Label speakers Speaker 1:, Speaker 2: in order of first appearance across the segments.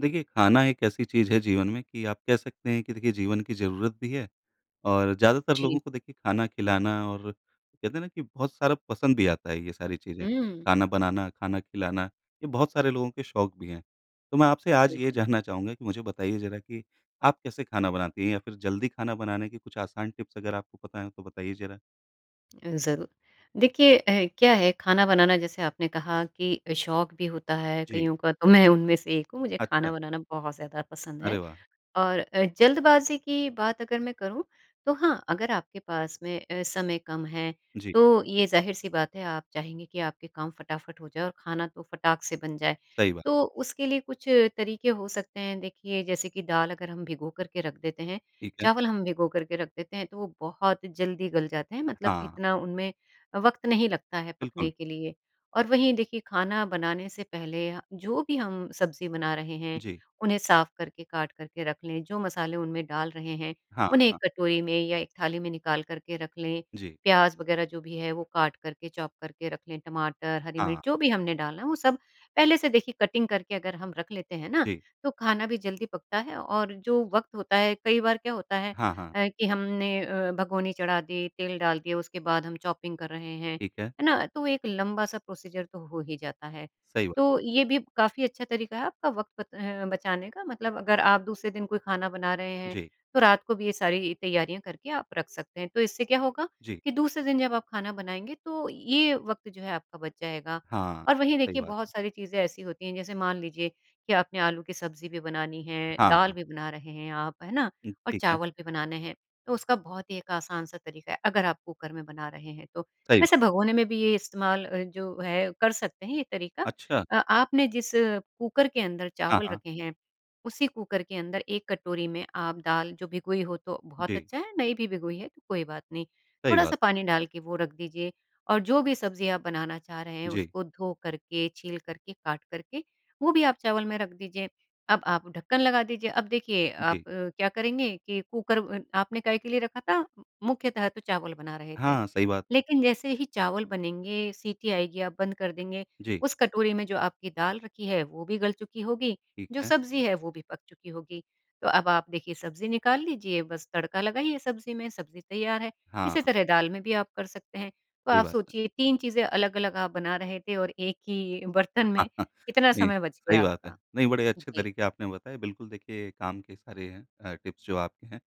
Speaker 1: देखिए, खाना एक ऐसी चीज़ है जीवन में कि आप कह सकते हैं कि देखिए जीवन की ज़रूरत भी है और ज़्यादातर
Speaker 2: जी।
Speaker 1: लोगों को देखिए खाना खिलाना और कहते हैं ना कि बहुत सारा पसंद भी आता है, ये सारी चीज़ें।
Speaker 2: हुँ।
Speaker 1: खाना बनाना, खाना खिलाना, ये बहुत सारे लोगों के शौक भी हैं। तो मैं आपसे आज ये
Speaker 2: बिल्कुल।
Speaker 1: जानना चाहूँगा कि मुझे बताइए ज़रा कि आप कैसे खाना बनाती हैं या फिर जल्दी खाना बनाने के कुछ आसान टिप्स अगर आपको पता हैं, तो बताइए ज़रा?
Speaker 2: अ, ज़रूर। देखिए अ, क्या है खाना बनाना जैसे आपने कहा कि शौक भी होता है
Speaker 1: जी।
Speaker 2: कइयों का, तो मैं उनमें से एक हूँ। मुझे खाना
Speaker 1: अच्छा।
Speaker 2: बनाना बहुत ज़्यादा पसंद है
Speaker 1: अरे वाह!
Speaker 2: और अ, जल्दबाज़ी की बात अगर मैं करूँ तो हाँ, अगर आपके पास में अ, समय कम है
Speaker 1: जी।
Speaker 2: तो ये ज़ाहिर सी बात है आप चाहेंगे कि आपके काम फटाफट हो जाएँ और खाना तो फटाक से बन जाए।
Speaker 1: सही बात
Speaker 2: तो
Speaker 1: है।
Speaker 2: उसके लिए कुछ तरीके हो सकते हैं। देखिए, जैसे कि दाल अगर हम भिगो करके रख देते हैं,
Speaker 1: ठीक है।
Speaker 2: चावल हम भिगो करके रख देते हैं तो वो बहुत जल्दी गल जाते हैं। मतलब
Speaker 1: हाँ।
Speaker 2: इतना उनमें वक़्त नहीं लगता है पकने
Speaker 1: बिल्कुल।
Speaker 2: के लिए। और वहीं देखिए खाना बनाने से पहले ह जो भी हम सब्ज़ी बना रहे हैं,
Speaker 1: जी।
Speaker 2: उन्हें साफ़ करके काट करके रख लें। जो मसाले उनमें डाल रहे हैं,
Speaker 1: हाँ,
Speaker 2: उन्हें एक
Speaker 1: हाँ।
Speaker 2: कटोरी में या एक थाली में निकाल करके रख लें।
Speaker 1: जी।
Speaker 2: प्याज़ वगैरह जो भी है वो काट करके, चॉप करके रख लें। टमाटर, हरी मिर्च
Speaker 1: हाँ।
Speaker 2: जो भी हमने डालना है वो सब पहले से देखिए कटिंग करके अगर हम रख लेते हैं ना,
Speaker 1: जी।
Speaker 2: तो खाना भी जल्दी पकता है और जो वक़्त होता है कई बार क्या होता है
Speaker 1: हाँ, हाँ।
Speaker 2: अ, कि हमने अ, भगोनी चढ़ा दी, तेल डाल दिया उसके बाद हम चॉपिंग कर रहे हैं,
Speaker 1: ठीक है।
Speaker 2: है ना? तो एक लंबा सा प्रोसीजर तो हो ही जाता है।
Speaker 1: सही बात।
Speaker 2: तो ये भी काफ़ी अच्छा तरीका है आपका वक़्त ब बचाने का। मतलब अगर आप दूसरे दिन कोई खाना बना रहे हैं,
Speaker 1: जी।
Speaker 2: तो रात को भी ये सारी तैयारियाँ करके आप रख सकते हैं। तो इससे क्या होगा,
Speaker 1: जी।
Speaker 2: कि दूसरे दिन जब आप खाना बनाएँगे तो ये वक़्त जो है आपका बच जाएगा।
Speaker 1: हाँ।
Speaker 2: और
Speaker 1: ये तो
Speaker 2: वही
Speaker 1: सही
Speaker 2: देखिए
Speaker 1: बात
Speaker 2: बहुत सारी चीज़ें ऐसी होती हैं, जैसे मान लीजिए कि आपने आलू की सब्ज़ी भी बनानी है,
Speaker 1: हाँ,
Speaker 2: दाल
Speaker 1: हाँ।
Speaker 2: भी बना रहे हैं आप, है ना?
Speaker 1: हुँ।
Speaker 2: और
Speaker 1: ठीक है।
Speaker 2: चावल भी बनाने हैं। तो उसका बहुत ही एक आसान सा तरीका है, अगर आप कुकर में बना रहे हैं तो।
Speaker 1: सही बात।
Speaker 2: वैसे भगोने में भी ये इस्तेमाल अ, जो है कर सकते हैं, ये तरीका।
Speaker 1: अच्छा।
Speaker 2: अ आपने जिस कुकर के अंदर
Speaker 1: हाँ,
Speaker 2: चावल
Speaker 1: हाँ।
Speaker 2: रखे हैं, उसी कुकर के अंदर 1 कटोरी में आप दाल जो भिगोई हो तो बहुत
Speaker 1: जी।
Speaker 2: अच्छा है, नहीं भी भिगोई है कोई बात नहीं।
Speaker 1: सही
Speaker 2: थोड़ा सा
Speaker 1: बात।
Speaker 2: पानी डाल के वो रख दीजिए और जो भी सब्ज़ियाँ आप बनाना चाह रहे हैं
Speaker 1: जी।
Speaker 2: उसको धो करके, छील करके, काट करके, वो भी आप चावल में रख दीजिए। अब आप ढक्कन लगा दीजिए। अब देखिए आप
Speaker 1: जी।
Speaker 2: अ, क्या करेंगे कि कुकर अन आपने काहे के लिए रखा था? मुख्यतः तो चावल बना रहे थे।
Speaker 1: हाँ। सही बात।
Speaker 2: लेकिन जैसे ही चावल बनेंगे, सीटी आएगी, आप बंद कर देंगे,
Speaker 1: जी।
Speaker 2: उस कटोरी में जो आपकी दाल रखी है वो भी गल चुकी होगी,
Speaker 1: ठीक
Speaker 2: जो
Speaker 1: है।
Speaker 2: सब्ज़ी है वो भी पक चुकी होगी। तो अब आप देखिए सब्ज़ी निकाल लीजिए, बस तड़का लगाइए सब्ज़ी में, सब्ज़ी तैयार है। इसी
Speaker 1: हाँ।
Speaker 2: तरह दाल में भी आप कर सकते हैं। तो
Speaker 1: सही
Speaker 2: आप
Speaker 1: बात है।
Speaker 2: सोचिए 3 चीज़ें अलग-अलग आप बना रहे थे और 1 ही बर्तन में इतना
Speaker 1: जी,
Speaker 2: समय बच
Speaker 1: सही
Speaker 2: गया
Speaker 1: बात है।
Speaker 2: आपका।
Speaker 1: नहीं, बड़े अच्छे
Speaker 2: जी।
Speaker 1: तरीके आपने बताए। बिल्कुल, देखिए काम के सारे हैं अ, टिप्स जो आपके हैं।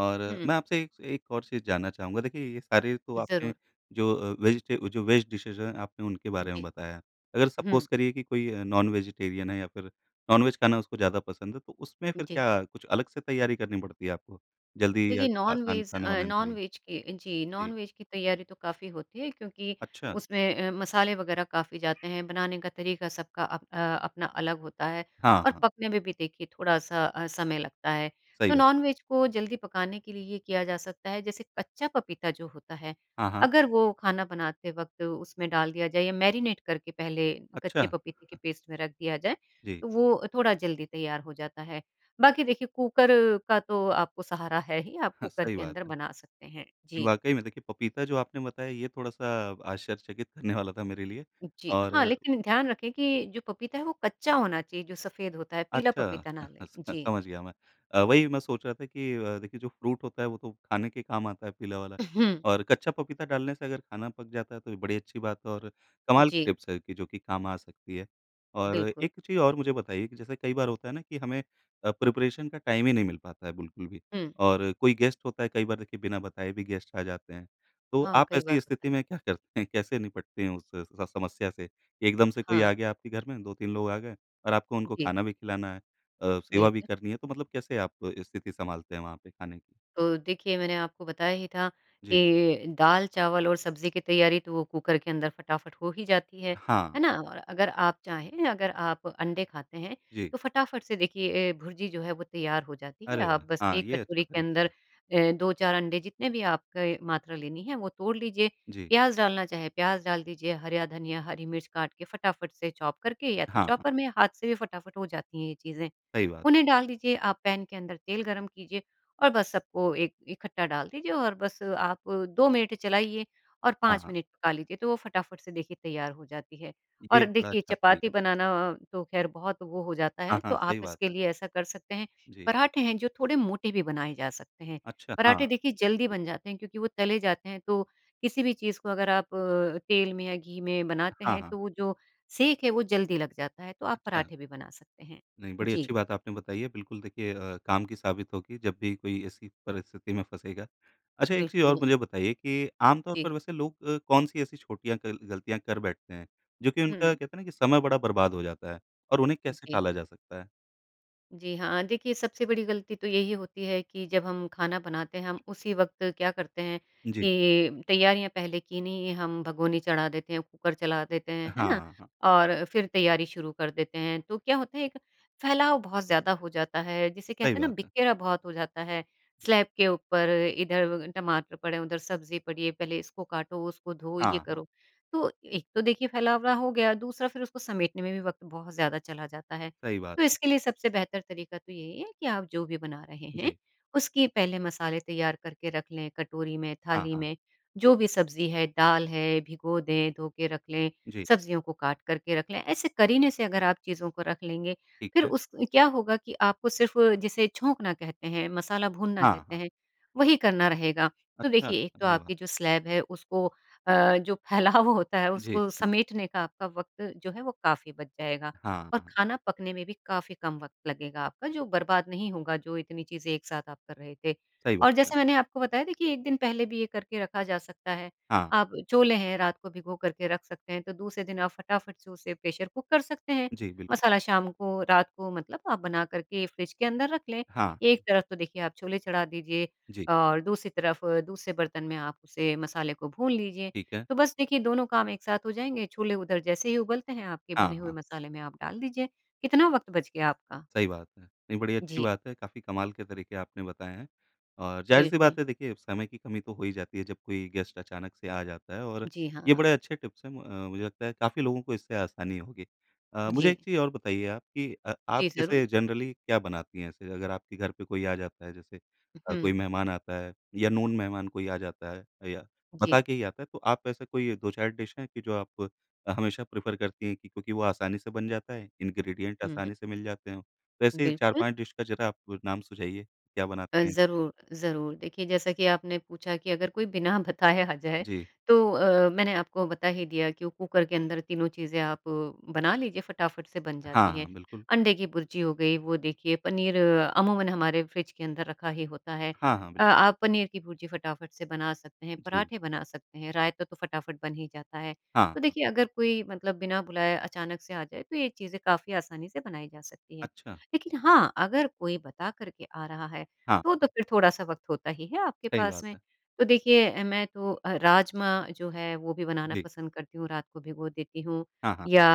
Speaker 1: और
Speaker 2: हुँ।
Speaker 1: मैं आपसे एक स एक और चीज़ जानना चाहूँगा। देखिए, ये सारे तो
Speaker 2: ज़रूर।
Speaker 1: आपने जो अ, वेजी टे जो वेज डिशेज़ हैं, आपने उनके बारे में
Speaker 2: जी।
Speaker 1: बताया। अगर
Speaker 2: हुँ।
Speaker 1: सपोज़ करिए कि कोई नॉन वेजिटेरियन है या फिर नॉन-वेज खाना उसको ज़्यादा पसंद है, तो उसमें फिर
Speaker 2: जी।
Speaker 1: क्या कुछ अलग से तैयारी करनी पड़ती है आपको, जल्दी या
Speaker 2: देखिए
Speaker 1: आसान
Speaker 2: नॉन-वेज
Speaker 1: खाना
Speaker 2: अ,
Speaker 1: बनाने के लिए?
Speaker 2: नॉन-वेज की जी,
Speaker 1: जी।
Speaker 2: नॉन-वेज की तैयारी तो काफ़ी होती है क्योंकि
Speaker 1: अच्छा।
Speaker 2: उसमें अ, मसाले वगैरह काफ़ी जाते हैं, बनाने का तरीका सबका अप अ, अपना अलग होता है
Speaker 1: हाँ,
Speaker 2: और
Speaker 1: हाँ।
Speaker 2: पकने में भी देखिए थोड़ा-सा अ, समय लगता है।
Speaker 1: सही
Speaker 2: तो
Speaker 1: बात है।
Speaker 2: नॉन-वेज को जल्दी पकाने के लिए ये किया जा सकता है, जैसे कच्चा पपीता जो होता है,
Speaker 1: हाँ, हाँ।
Speaker 2: अगर वो खाना बनाते वक्त उसमें डाल दिया जाए या मैरिनेट करके पहले
Speaker 1: अच्छा!
Speaker 2: कच्चे पपीते के
Speaker 1: हाँ।
Speaker 2: पेस्ट में रख दिया जाए,
Speaker 1: जी।
Speaker 2: वो थोड़ा जल्दी तैयार हो जाता है। बाकी देखिए कुकर का तो आपको सहारा है ही। आपको कुकर
Speaker 1: सही
Speaker 2: के
Speaker 1: बात
Speaker 2: अंदर
Speaker 1: है।
Speaker 2: बना सकते हैं। जी।
Speaker 1: वाक़ई में देखिए पपीता जो आपने बताया ये थोड़ा-सा आश्चर्यचकित करने वाला था मेरे लिए
Speaker 2: जी। हाँ,
Speaker 1: और
Speaker 2: लेकिन ध्यान रखें कि जो पपीता है वो कच्चा होना चाहिए, जो सफ़ेद होता है, पीला
Speaker 1: अच्छा,
Speaker 2: पपीता ना लें।
Speaker 1: [unintelligible]
Speaker 2: जी।
Speaker 1: समझ गया मैं। अ, वही मैं सोच रहा था कि अ, देखिए जो फ़्रूट होता है वो तो खाने के काम आता है पीला वाला
Speaker 2: उहुँ।
Speaker 1: और कच्चा पपीता डालने से अगर खाना पक जाता है, तो ये बड़ी अच्छी बात है और कमाल की
Speaker 2: जी।
Speaker 1: टिप्स है कि जो कि काम आ सकती है। और
Speaker 2: बिल्कुल।
Speaker 1: एक चीज़ और मुझे बताइए कि जैसे कई बार होता है ना कि हमें अ, प्रिपरेशन का टाइम ही नहीं मिल पाता है बिल्कुल भी
Speaker 2: हुँ।
Speaker 1: और कोई गेस्ट होता है। कई बार देखिए बिना बताए भी गेस्ट आ जाते हैं, तो
Speaker 2: हाँ,
Speaker 1: आप
Speaker 2: कई बार
Speaker 1: ऐसी
Speaker 2: होता
Speaker 1: स्थिति
Speaker 2: है।
Speaker 1: में क्या करते हैं? कैसे निपटते हैं उससे स समस्या से? एकदम से कोई
Speaker 2: हाँ।
Speaker 1: आ गया आपके घर में 2-3 लोग आ गए और आपको उनको
Speaker 2: जी।
Speaker 1: खाना भी खिलाना है अ, सेवा भी
Speaker 2: बिल्कुल।
Speaker 1: करनी है। तो मतलब कैसे आप स्थिति सँभालते हैं वहाँ पे, खाने
Speaker 2: तो देखिए मैंने आपको बताया ही था
Speaker 1: जी।
Speaker 2: कि दाल चावल और सब्ज़ी की तैयारी तो वो कुकर के अंदर फटाफट हो ही जाती है, है
Speaker 1: हाँ।
Speaker 2: ना? और अगर आप चाहें, अगर आप अंडे खाते हैं
Speaker 1: जी।
Speaker 2: तो फटाफट से देखिए ए, भुरजी जो है वो तैयार हो जाती है।
Speaker 1: अरे
Speaker 2: आप
Speaker 1: वाह!
Speaker 2: बस
Speaker 1: हाँ,
Speaker 2: एक
Speaker 1: ये अच्छा
Speaker 2: कटोरी के
Speaker 1: तरीक
Speaker 2: अंदर अ, 2-4 अंडे, जितने भी आपके मात्रा लेनी है, वो तोड़ लीजिए।
Speaker 1: जी।
Speaker 2: प्याज़ डालना चाहे प्याज़ डाल दीजिए, हरया धनिया, हरी मिर्च काट के फटाफट से चॉप करके या तो
Speaker 1: हाँ,
Speaker 2: चॉपर
Speaker 1: हाँ।
Speaker 2: में हाथ से भी फटाफट हो जाती हैं ये चीज़ें।
Speaker 1: सही बात।
Speaker 2: उन्हें डाल दीजिए, आप पैन के अंदर तेल गरम कीजिए और बस सबको एक इकट्ठा डाल दीजिए और बस आप 2 मिनट चलाइए और
Speaker 1: हाँ,
Speaker 2: 5
Speaker 1: हाँ।
Speaker 2: मिनट पका लीजिए, तो वो फटाफट से देखिए तैयार हो जाती है।
Speaker 1: ये
Speaker 2: और
Speaker 1: बड़ा
Speaker 2: देखिए
Speaker 1: अच्छा तरीका
Speaker 2: चपाती
Speaker 1: है।
Speaker 2: बनाना तो खैर बहुत वो हो जाता है,
Speaker 1: हाँ, हाँ।
Speaker 2: तो आप
Speaker 1: सही बात
Speaker 2: इसके
Speaker 1: है।
Speaker 2: लिए ऐसा कर सकते हैं,
Speaker 1: जी।
Speaker 2: पराठे हैं जो थोड़े मोटे भी बनाए जा सकते हैं।
Speaker 1: अच्छा! हाँ।
Speaker 2: पराठे देखिए जल्दी
Speaker 1: बिल्कुल।
Speaker 2: बन जाते हैं क्योंकि वो तले जाते हैं तो किसी भी चीज़ को अगर आप अ, तेल में या घी में बनाते
Speaker 1: हाँ,
Speaker 2: हैं
Speaker 1: हाँ।
Speaker 2: तो वो जो सेक है वो जल्दी लग जाता है। तो आप
Speaker 1: अच्छा।
Speaker 2: पराठे भी बना सकते हैं।
Speaker 1: नहीं, बड़ी
Speaker 2: जी।
Speaker 1: अच्छी बात आपने बताई है। बिल्कुल देखिए अ, काम की साबित होगी जब भी कोई ऐसी परिस्थिति में फँसेगा। अच्छा एक चीज़ और
Speaker 2: बिल्कुल।
Speaker 1: मुझे बताइए कि आम तौर
Speaker 2: जी।
Speaker 1: पर वैसे लोग अ, कौन-सी ऐसी छोटीयाँ क गलतियाँ कर बैठते हैं, जो कि उनका
Speaker 2: हुँ।
Speaker 1: कहते है ना कि समय बड़ा बर्बाद हो जाता है और उन्हें कैसे
Speaker 2: जी।
Speaker 1: टाला जा सकता है?
Speaker 2: जी हाँ, देखिए, सबसे बड़ी गलती तो यही होती है कि जब हम खाना बनाते हैं हम उसी वक़्त क्या करते हैं,
Speaker 1: जी।
Speaker 2: कि तैयारियाँ पहले की नहीं है, हम भगोनी चढ़ा देते हैं, कुकर चला देते हैं। है ना?
Speaker 1: हाँ, हाँ।
Speaker 2: और फिर तैयारी शुरू कर देते हैं। तो क्या होता है एक फैलाव बहुत ज़्यादा हो जाता है जिसे
Speaker 1: सही
Speaker 2: कहते हैं ना
Speaker 1: बात है।
Speaker 2: बिखेरा बहुत हो जाता है, स्लैब के ऊपर, इधर टमाटर पड़े हैं, उधर सब्ज़ी पड़ी हैं, पहले इसको काटो, उसको धोवो, ये
Speaker 1: हाँ, हाँ।
Speaker 2: करो। तो एक तो देखिए फैलावड़ा हो गया, दूसरा फिर उसको समेटने में भी वक़्त बहुत ज़्यादा चला जाता है।
Speaker 1: सही बात
Speaker 2: तो
Speaker 1: है।
Speaker 2: इसके लिए सबसे बेहतर तरीका तो यही है कि आप जो भी बना रहे हैं,
Speaker 1: जी।
Speaker 2: उसकी पहले मसाले तैयार करके रख लें कटोरी में,
Speaker 1: हाँ,
Speaker 2: थाली
Speaker 1: हाँ।
Speaker 2: में जो भी सब्ज़ी है, दाल है भिगो दें, धो के रख लें,
Speaker 1: जी।
Speaker 2: सब्जियों को काट कर के रख लें, ऐसे करने से अगर आप चीज़ों को रख लेंगे,
Speaker 1: ठीक
Speaker 2: फिर
Speaker 1: है।
Speaker 2: उस क्या होगा कि आपको सिर्फ़ जिसे छौंकना कहते हैं, मसाला भूनना
Speaker 1: हाँ,
Speaker 2: कहते
Speaker 1: हाँ।
Speaker 2: हैं, वही करना रहेगा। तो
Speaker 1: अच्छा,
Speaker 2: देखिए, एक तो
Speaker 1: अरे वाह!
Speaker 2: आपकी जो स्लैब है, उसको अ, जो फैलाव होता है,
Speaker 1: जी।
Speaker 2: उसको समेटने का आपका वक़्त जो है वो काफ़ी बच जाएगा,
Speaker 1: हाँ,
Speaker 2: और
Speaker 1: हाँ।
Speaker 2: खाना पकने में भी काफ़ी कम वक़्त लगेगा आपका जो बर्बाद नहीं होगा जो इतनी चीज़ें एक साथ आप कर रहे थे।
Speaker 1: सही
Speaker 2: और
Speaker 1: बात है।
Speaker 2: जैसे मैंने आपको बताया देखिए 1 दिन पहले भी ये करके रखा जा सकता है,
Speaker 1: हाँ।
Speaker 2: आप छोले हैं, रात को भिगोकर के रख सकते हैं, तो दूसरे दिन आप फटाफट से उसे प्रेशर कुक कर सकते हैं।
Speaker 1: जी, बिल्कु
Speaker 2: मसाला शाम को, रात को मतलब आप बनाकर के फ्रिज के अंदर रख लें,
Speaker 1: हाँ।
Speaker 2: एक तरफ तो देखिए आप छोले चढ़ा दीजिए
Speaker 1: जी।
Speaker 2: और दूसरी तरफ दूसरे बर्तन में आप उसे मसाले को भून लीजिए।
Speaker 1: ठीक है।
Speaker 2: तो बस देखिए दोनों काम एक साथ हो जाएँगे, छोले उधर जैसे ही उबलते हैं आपके
Speaker 1: हाँ,
Speaker 2: भुने हुए
Speaker 1: हाँ।
Speaker 2: मसाले में आप डाल दीजिए, कितना वक़्त बच गया आपका।
Speaker 1: सही बात है। नहीं बड़ी अच्छी
Speaker 2: जी।
Speaker 1: बात है काफ़ी कमाल के तरीके आपने बताएँ हैं। और जाहिर सी
Speaker 2: बिल्कुल।
Speaker 1: बात है देखिए समय की कमी तो हो ही जाती है, जब कोई गेस्ट अचानक से आ जाता है और
Speaker 2: जी
Speaker 1: ये
Speaker 2: हाँ।
Speaker 1: बड़े अच्छे टिप्स हैं, मु मुझे लगता है काफ़ी लोगों को इससे आसानी होगी। अ, मुझे एक
Speaker 2: जी।
Speaker 1: चीज़ और बताइए आप कि अ
Speaker 2: जी,
Speaker 1: आप
Speaker 2: ज़रूर।
Speaker 1: जैसे जनरली क्या बनाती है जैसे अगर आपके घर पे कोई आ जाता है जैसे अ, कोई
Speaker 2: हुँ।
Speaker 1: मेहमान आता है या नोन मेहमान कोई आ जाता है या बता
Speaker 2: जी।
Speaker 1: के ही आता है, तो आप ऐसा कोई 2-4 डिश हैं, कि जो आप हमेशा प्रेफ़र करती है, कि क्योंकि वो आसानी से बन जाता है, इंग्रीडिएंट
Speaker 2: हुँ, हुँ।
Speaker 1: आसानी से मिल जाते हैं। वैसे ही चार
Speaker 2: बिल्कुल।
Speaker 1: पाँच डिश का ज़रा आप नाम सुझाइए, क्या
Speaker 2: अ,
Speaker 1: बनाती हैं?
Speaker 2: ज़रूर, ज़रूर। देखिए जैसा कि आपने पूछा कि अगर कोई बिना बताए आ जाए,
Speaker 1: जी।
Speaker 2: तो अ अ, मैंने आपको बता ही दिया कि वो कुकर के अंदर तीनों चीज़ें आप बना लीजिए फटाफट से बन
Speaker 1: हाँ,
Speaker 2: जाती हैं।
Speaker 1: हाँ, बिल्कुल।
Speaker 2: अंडे की भुर्जी हो गई, वो देखिए पनीर अमूमन हमारे फ्रिज के अंदर रखा ही होता है
Speaker 1: हाँ, हाँ,
Speaker 2: अ,
Speaker 1: बिल
Speaker 2: आप पनीर की भुर्जी फटाफट से बना सकते हैं,
Speaker 1: जी।
Speaker 2: पराठे बना सकते हैं, रायता तो फटाफट बन ही जाता है।
Speaker 1: हाँ,
Speaker 2: तो
Speaker 1: हाँ।
Speaker 2: देखिए, अगर कोई मतलब बिना बुलाए अचानक से आ जाए, तो ये चीज़ें काफ़ी आसानी से बनाई जा सकती हैं।
Speaker 1: अच्छा।
Speaker 2: लेकिन हाँ, अगर कोई बता करके आ रहा है,
Speaker 1: हाँ,
Speaker 2: तो, तो
Speaker 1: हाँ।
Speaker 2: फिर थोड़ा-सा वक़्त होता ही है आपके
Speaker 1: सही
Speaker 2: पास
Speaker 1: बात
Speaker 2: में।
Speaker 1: है।
Speaker 2: तो देखिए अ, मैं तो अ, राजमा जो है वो भी बनाना
Speaker 1: जी।
Speaker 2: पसंद करती हूँ, रात को भिगो देती हूँ
Speaker 1: हाँ, हाँ।
Speaker 2: या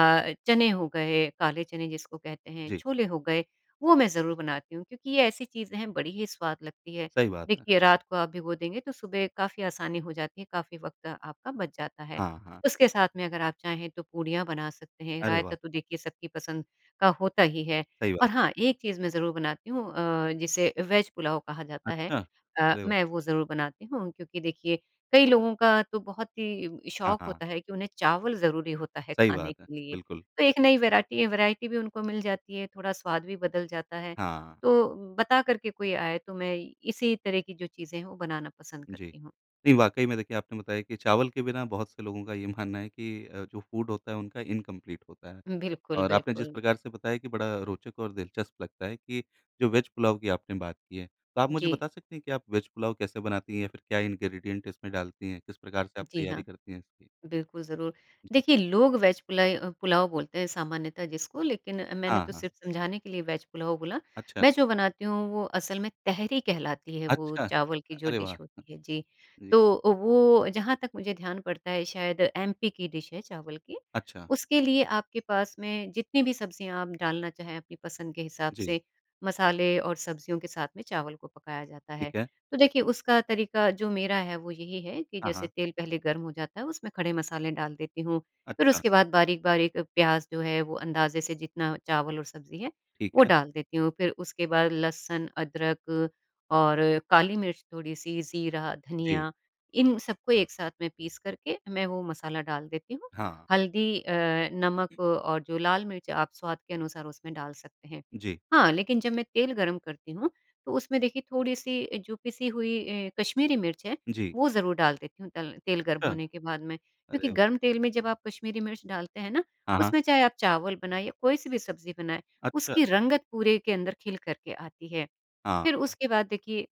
Speaker 2: चने हो गए, काले चने जिसको कहते हैं,
Speaker 1: जी।
Speaker 2: छोले हो गए, वो मैं ज़रूर बनाती हूँ, क्योंकि ये ऐसी चीज़ें बड़ी ही स्वाद लगती है,
Speaker 1: सही बात है।
Speaker 2: देखिए, रात को आप भिगो देंगे तो सुबह काफ़ी आसानी हो जाती हैं, काफ़ी वक़्त आपका बच जाता है।
Speaker 1: हाँ, हाँ।
Speaker 2: उसके साथ में अगर आप चाहें तो पूरियाँ बना सकते हैं,
Speaker 1: अरे
Speaker 2: रायता
Speaker 1: वाह!
Speaker 2: तो देखिए सबकी पसंद का होता ही है
Speaker 1: सही
Speaker 2: और
Speaker 1: बात।
Speaker 2: हाँ, एक चीज़ मैं ज़रूर बनाती हूँ अ, जिसे वेज़ पुलाव कहा जाता है।
Speaker 1: अच्छा,
Speaker 2: अ,
Speaker 1: अरे वाह!
Speaker 2: मैं वो ज़रूर बनाती हूँ, क्योंकि देखिए कई लोगों का तो बहुत ही
Speaker 1: हाँ,
Speaker 2: शौक
Speaker 1: हाँ।
Speaker 2: होता है कि उन्हें चावल ज़रूरी होता है
Speaker 1: सही
Speaker 2: खाने
Speaker 1: बात है,
Speaker 2: के लिए।
Speaker 1: बिल्कुल।
Speaker 2: तो एक नई वैराटी वैरायटी भी उनको मिल जाती है, थोड़ा स्वाद भी बदल जाता है।
Speaker 1: हाँ।
Speaker 2: तो बता करके कोई आए तो मैं इसी तरह की जो चीज़ें हैं वो बनाना पसंद
Speaker 1: जी।
Speaker 2: करती हूँ।
Speaker 1: नहीं वाकई में देखिए आपने बताया कि चावल के बिना बहुत से लोगों का ये मानना है कि अ, जो फूड होता है उनका इनकंप्लीट होता है।
Speaker 2: उम, बिल्कुल,
Speaker 1: और आपने जिस
Speaker 2: बिल्कुल।
Speaker 1: प्रकार से बताया कि बड़ा रोचक और दिलचस्प लगता है कि जो वेज़ पुलाव की आपने बात की है, तो आप मुझे
Speaker 2: जी।
Speaker 1: बता सकती हैं कि आप वेज़ पुलाव कैसे बनती हैं या फिर क्या इंग्रीडिएंट इसमें डालती हैं, किस प्रकार से आप
Speaker 2: जी
Speaker 1: तैयारी
Speaker 2: हाँ,
Speaker 1: करती हैं इसकी?
Speaker 2: बिल्कुल, ज़रूर।
Speaker 1: जी।
Speaker 2: देखिए, लोग वेज़ पुलइ अ, पुलाव बोलते हैं सामान्यतः जिसको लेकिन मैंने
Speaker 1: हाँ,
Speaker 2: तो
Speaker 1: हाँ।
Speaker 2: सिर्फ़ समझाने के लिए वेज़ पुलाव बोला,
Speaker 1: अच्छा।
Speaker 2: मैं जो बनाती हूँ वो असल में तहरी कहलाती है वो
Speaker 1: अच्छा,
Speaker 2: चावल की जो
Speaker 1: अरे
Speaker 2: डिश
Speaker 1: वाह!
Speaker 2: होती है, जी।
Speaker 1: जी।
Speaker 2: तो अ, वो जहाँ तक मुझे ध्यान पड़ता है शायद एमपी की डिश है चावल की,
Speaker 1: अच्छा।
Speaker 2: उसके लिए आपके पास में जितनी भी सब्ज़ियाँ आप डालना चाहे अपनी पसंद के हिसाब
Speaker 1: जी।
Speaker 2: से, मसाले और सब्जियों के साथ में चावल को पकाया जाता है।
Speaker 1: ठीक है।
Speaker 2: तो देखिए, उसका तरीका जो मेरा है वो यही है कि
Speaker 1: हाँ,
Speaker 2: जैसे
Speaker 1: हाँ।
Speaker 2: तेल पहले गर्म हो जाता है उसमें खड़े मसाले डाल देती हूँ, फिर
Speaker 1: अच्छा।
Speaker 2: उसके बाद बारीक-बारीक प्याज़ जो है वो अंदाजे से जितना चावल और सब्ज़ी है,
Speaker 1: ठीक
Speaker 2: वो
Speaker 1: है।
Speaker 2: डाल देती हूँ। फिर उसके बाद लहसुन, अदरक और काली मिर्च थोड़ी-सी, ज़ीरा,
Speaker 1: जी।
Speaker 2: धनिया इन सबको एक साथ में पीस करके मैं वो मसाला डाल देती हूँ,
Speaker 1: हाँ।
Speaker 2: हल्दी अ, नमक और जो लाल मिर्च आप स्वाद के अनुसार उसमें डाल सकते हैं।
Speaker 1: जी।
Speaker 2: हाँ, लेकिन जब मैं तेल गर्म करती हूँ, तो उसमें देखिए थोड़ी-सी जो पिसी हुई अ, कश्मीरी मिर्च है,
Speaker 1: जी।
Speaker 2: वो ज़रूर डाल देती हूँ तल तेल गर्म
Speaker 1: अच्छा,
Speaker 2: होने के बाद में, क्योंकि
Speaker 1: अरे व
Speaker 2: गर्म तेल में जब आप कश्मीरी मिर्च डालते हैं ना,
Speaker 1: हाँ, हाँ।
Speaker 2: उसमें चाहे आप चावल बनाइए, कोई सी भी सब्ज़ी बनाए,
Speaker 1: अच्छा।
Speaker 2: उसकी रंगत पूरे के अंदर खिल करके आती है।
Speaker 1: हाँ।
Speaker 2: फिर
Speaker 1: अ
Speaker 2: उसके बाद देखिए,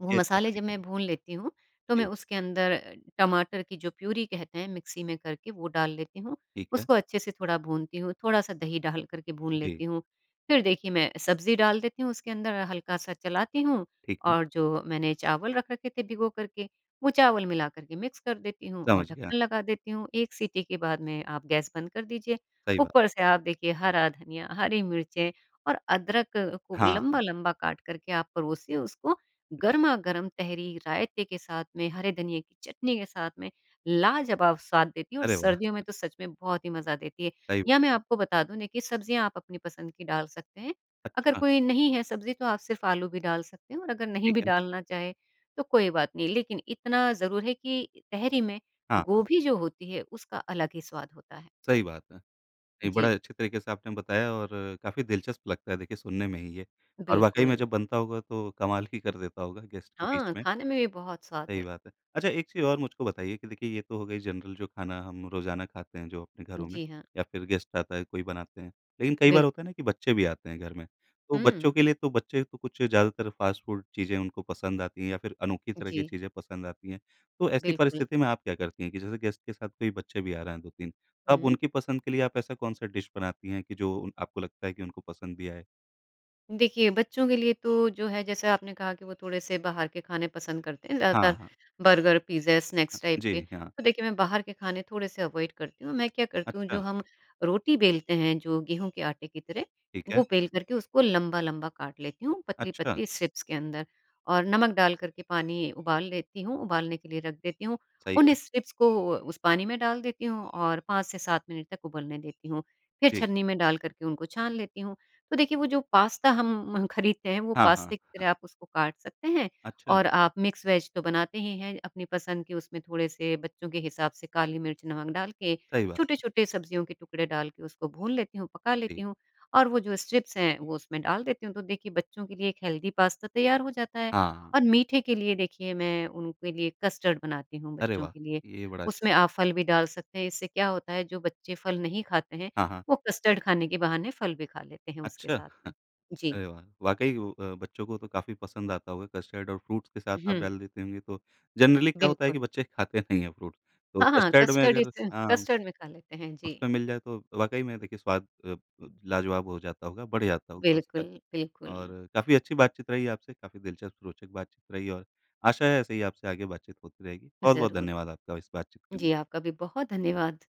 Speaker 2: वो
Speaker 1: ये अच्छा
Speaker 2: मसाले जब
Speaker 1: तरीका
Speaker 2: मैं
Speaker 1: है।
Speaker 2: भून लेती हूँ, तो मैं
Speaker 1: जी।
Speaker 2: उसके अंदर टमाटर की जो प्यूरी कहते हैं मिक्सी में करके वो डाल लेती हूँ,
Speaker 1: ठीक है।
Speaker 2: उसको अच्छे से थोड़ा भुनती हूँ, थोड़ा-सा दही डालकर के भून
Speaker 1: जी।
Speaker 2: लेती हूँ। फिर देखिए, मैं सब्ज़ी डाल देती हूँ उसके अंदर, हल्का-सा चलाती हूँ
Speaker 1: ठीक है।
Speaker 2: और जो मैंने चावल रख रखे थे भिगोकर के, वो चावल मिलाकर के मिक्स कर देती हूँ और
Speaker 1: समझ गया।
Speaker 2: ढक्कन लगा देती हूँ, 1 सिटी के बाद में आप गैस बंद कर दीजिए।
Speaker 1: सही बात।
Speaker 2: ऊपर से आप देखिए हरा धनिया, हरी मिर्चें और अदरक को
Speaker 1: हाँ।
Speaker 2: लंबा-लंबा काटकर के आप परोसिए उसको,
Speaker 1: जी।
Speaker 2: गरमा-गरम तहरी रायते के साथ में, हरे धनिए की चटनी के साथ में लाजवाब स्वाद देती है और
Speaker 1: अरे वाह!
Speaker 2: सर्दियों में तो सच में बहुत ही मज़ा देती है।
Speaker 1: सही।
Speaker 2: या मैं आपको बता दूँ ना कि सब्ज़ियाँ आप अपनी पसंद की डाल सकते हैं, अगर
Speaker 1: अच्छा।
Speaker 2: कोई नहीं है सब्ज़ी तो आप सिर्फ आलू भी डाल सकते हैं और अगर नहीं
Speaker 1: ठीक
Speaker 2: भी
Speaker 1: है।
Speaker 2: डालना चाहें, तो कोई बात नहीं, लेकिन इतना ज़रूर है कि तहरी में
Speaker 1: हाँ, हाँ।
Speaker 2: गोभी जो होती है, उसका अलग ही स्वाद होता है।
Speaker 1: सही बात है। एक
Speaker 2: जी।
Speaker 1: बड़ा अच्छे तरीके से आपने बताया और काफ़ी दिलचस्प लगता है देखिए सुनने में ही ये। और वाक़ई में
Speaker 2: बिल्कुल।
Speaker 1: जब बनता होगा, तो कमाल ही कर देता होगा गेस्ट के बीच
Speaker 2: हाँ,
Speaker 1: में।
Speaker 2: खाने में भी बहुत स्वाद
Speaker 1: सही
Speaker 2: है।
Speaker 1: बात है। अच्छा एक चीज़ और मुझको बताइए कि देखिए ये तो हो गई जनरल जो खाना हम रोज़ाना खाते हैं, जो अपने घरों में
Speaker 2: जी हाँ।
Speaker 1: या फिर गेस्ट आता है कोई बनाते हैं। लेकिन कई बार
Speaker 2: बिल्क
Speaker 1: होता है कि बच्चे भी आते हैं घर में, तो बच्चों
Speaker 2: हुँ।
Speaker 1: के लिए तो बच्चे तो कुछ ज़्यादातर फास्ट फूड चीज़ें उनको पसंद आती हैं या फिर अनोखी तरह की
Speaker 2: जी।
Speaker 1: चीज़ें पसंद आती हैं। तो ऐसी
Speaker 2: बिल्कुल।
Speaker 1: परिस्थिति में आप क्या करती हैं कि जैसे गेस्ट के साथ कोई बच्चे भी आ रहा हैं, 2-3 अब
Speaker 2: हुँ।
Speaker 1: उनकी पसंद के लिए आप ऐसा कौन-सा डिश बनाती हैं, कि जो उन आपको लगता है कि उनको पसंद भी आए?
Speaker 2: देखिए, बच्चों के लिए तो जो है जैसा आपने कहा कि वो थोड़े-से बाहर के खाने पसंद करते हैं,
Speaker 1: हाँ,
Speaker 2: ज़्यादातर
Speaker 1: हाँ।
Speaker 2: बर्गर, पिज़्ज़ा, स्नैक्स टाइप
Speaker 1: जी
Speaker 2: के।
Speaker 1: हाँ।
Speaker 2: तो देखिए, मैं बाहर के खाने थोड़े-से अवॉइड करती हूँ, मैं क्या करती हूँ जो
Speaker 1: अच्छा।
Speaker 2: हम रोटी बेलते हैं, जो गेहूँ के आटे की तरह,
Speaker 1: ठीक है।
Speaker 2: वो बेल करके उसको लंबा-लंबा काट लेती हूँ,
Speaker 1: अच्छा।
Speaker 2: पतली-पतली स्ट्रिप्स के अंदर, और नमक डाल करके पानी उबाल लेती हूँ, उबालने के लिए रख देती हूँ।
Speaker 1: सही
Speaker 2: उन्हीं
Speaker 1: है।
Speaker 2: स्ट्रिप्स को उस पानी में डाल देती हूँ और 5 से 7 मिनट तक उबलने देती हूँ, फिर
Speaker 1: जी।
Speaker 2: छन्नी में डाल करके उनको छान लेती हूँ। तो देखिए, वो जो पास्ता हम म खरीदते हैं वो
Speaker 1: हाँ, हाँ।
Speaker 2: पास्ते की
Speaker 1: ह
Speaker 2: तरह आप उसको काट सकते हैं
Speaker 1: अच्छा।
Speaker 2: और आप मिक्स वेज़ तो बनाते ही हैं, अपनी पसंद कि उसमें थोड़े-से बच्चों के हिसाब से काली मिर्च नमक डाल के,
Speaker 1: सही बात।
Speaker 2: छोटे-छोटे सब्जियों के टुकड़े डाल के उसको भून लेती हूँ, पका लेती
Speaker 1: जी।
Speaker 2: हूँ, और वो जो स्ट्रिप्स हैं, वो उसमें डाल देती हूँ। तो देखिए, बच्चों के लिए एक हेल्दी पास्ता तैयार हो जाता है
Speaker 1: हाँ।
Speaker 2: और मीठे के लिए देखिए, मैं उनके लिए कस्टर्ड बनाती हूँ
Speaker 1: अरे
Speaker 2: बच्चों
Speaker 1: वाह!
Speaker 2: के लिए।
Speaker 1: ये बड़ा अच्छा
Speaker 2: उसमें
Speaker 1: था।
Speaker 2: आप फल भी डाल सकते हैं, इससे क्या होता है, जो बच्चे फल नहीं खाते हैं,
Speaker 1: हाँ, हाँ।
Speaker 2: वो कस्टर्ड खाने के बहाने फल भी खा लेते हैं उसके
Speaker 1: अच्छा,
Speaker 2: साथ में। जी।
Speaker 1: अरे वाह! वाक़ई वो अ, बच्चों को तो काफ़ी पसंद आता होगा कस्टर्ड और फ्रूट्स के साथ आप
Speaker 2: हुँ।
Speaker 1: डाल देती होंगी तो जनरली क्या होता है कि
Speaker 2: बिल्कुल।
Speaker 1: बच्चे खाते नहीं फ्रूट। तो
Speaker 2: हाँ, हाँ,
Speaker 1: कस्टर्ड में
Speaker 2: कस्टर्ड इ
Speaker 1: अगर
Speaker 2: से,
Speaker 1: हाँ,
Speaker 2: कस्टर्ड में खा लेते हैं, जी।
Speaker 1: उसमें मिल जाए तो वाक़ई में स्वाद अ, ब लाजवाब हो जाता होगा, बढ़ जाता होगा
Speaker 2: बिल्कुल,
Speaker 1: उसका। और
Speaker 2: बिल्कुल।
Speaker 1: काफ़ी अच्छी बातचीत रही आपसे, काफ़ी दिलचस्प रोचक बातचीत रही और आशा है ऐसे ही आपसे आगे बातचीत होती रहेगी। बहुत-बहुत
Speaker 2: ज़रूर।
Speaker 1: धन्यवाद आपका इस बातचीत के लिए।
Speaker 2: जी, आपका भी बहुत धन्यवाद।